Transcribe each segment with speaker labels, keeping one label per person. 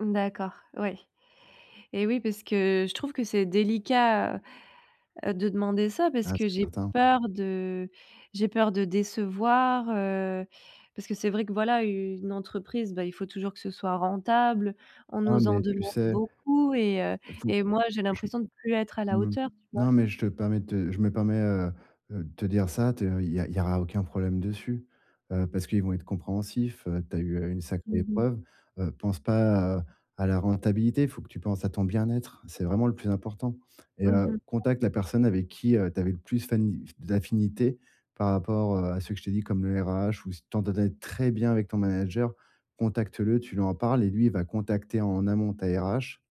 Speaker 1: D'accord, oui. Eh, oui, parce que je trouve que c'est délicat, heu heu, de demander ça parce
Speaker 2: Ah,
Speaker 1: que
Speaker 2: c'est
Speaker 1: j'ai
Speaker 2: certain.
Speaker 1: peur de j'ai peur de décevoir, heu, parce que c'est vrai que, voilà, u une entreprise, bah, il faut toujours que ce soit rentable. On
Speaker 2: Ah,
Speaker 1: nous en
Speaker 2: mais tu
Speaker 1: demande
Speaker 2: sais
Speaker 1: beaucoup et heu
Speaker 2: il faut
Speaker 1: et moi, j'ai
Speaker 2: je
Speaker 1: l'impression de plus être à la
Speaker 2: mmh,
Speaker 1: hauteur, tu vois?
Speaker 2: non mais je te permets te je me permets, heu heu, de te dire ça, te il y a il y a aucun problème dessus, heu parce qu'ils vont être compréhensifs, heu, tu as eu une sacrée
Speaker 1: Mmh mh.
Speaker 2: épreuve, heu, pense pas, heu, à la rentabilité. Il faut que tu penses à ton bien-être. C'est vraiment le plus important et
Speaker 1: Mmh
Speaker 2: heu,
Speaker 1: mh.
Speaker 2: contacte la personne avec qui, heu, tu avais le plus fani d'affinité par rapport, heu, à ceux que je t'ai dit, comme le RH ou si tu t'entendais très bien avec ton manager, contacte-le, tu lui en parles et lui, il va contacter, en amont, ta RH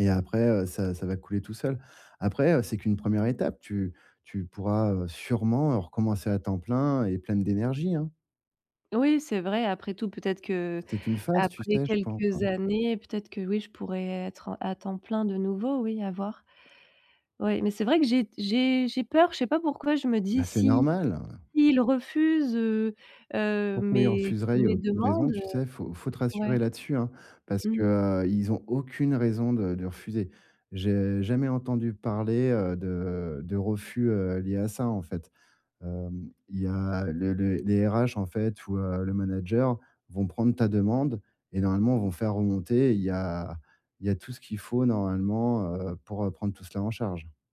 Speaker 2: et après heu, ça ça va couler tout seul. Après, heu, c'est qu'une 1re étape, tu tu pourras, heu, sûrement recommencer à temps plein et pleine d'énergie, hein.
Speaker 1: Oui, c'est vrai. Après tout, peut être qu'
Speaker 2: C'est qu'une phase, tu
Speaker 1: après
Speaker 2: sais, je pense,
Speaker 1: quelques
Speaker 2: hein.
Speaker 1: années, peut être que oui, je pourrai être à temps plein, de nouveau. Oui, à voir. Oui mais c'est vrai que j'ai d j'ai j'ai peur. Je sais pas pourquoi. Je me dis:
Speaker 2: Bah, c'est
Speaker 1: «Si
Speaker 2: normal, ouais.
Speaker 1: si il refuse, heu heu,
Speaker 2: Pourquoi ils
Speaker 1: mes
Speaker 2: refuseraient? Il y a
Speaker 1: mes
Speaker 2: aucune raison,
Speaker 1: demandes»
Speaker 2: tu sais? Faut faut te
Speaker 1: ouais.
Speaker 2: rassurer là-dessus, hein, parce que,
Speaker 1: Mmh.
Speaker 2: heu, ils ont aucune raison de de refuser. J'ai jamais entendu parler, heu, de de refus, heu, lié à ça, en fait. Hem, il y a le le les RH, en fait, ou heu, le manager vont prendre ta demande et normalement vont faire remonter. Il y a il y a tout ce qu'il faut, normalement, heu, pour, heu, prendre tout cela en charge.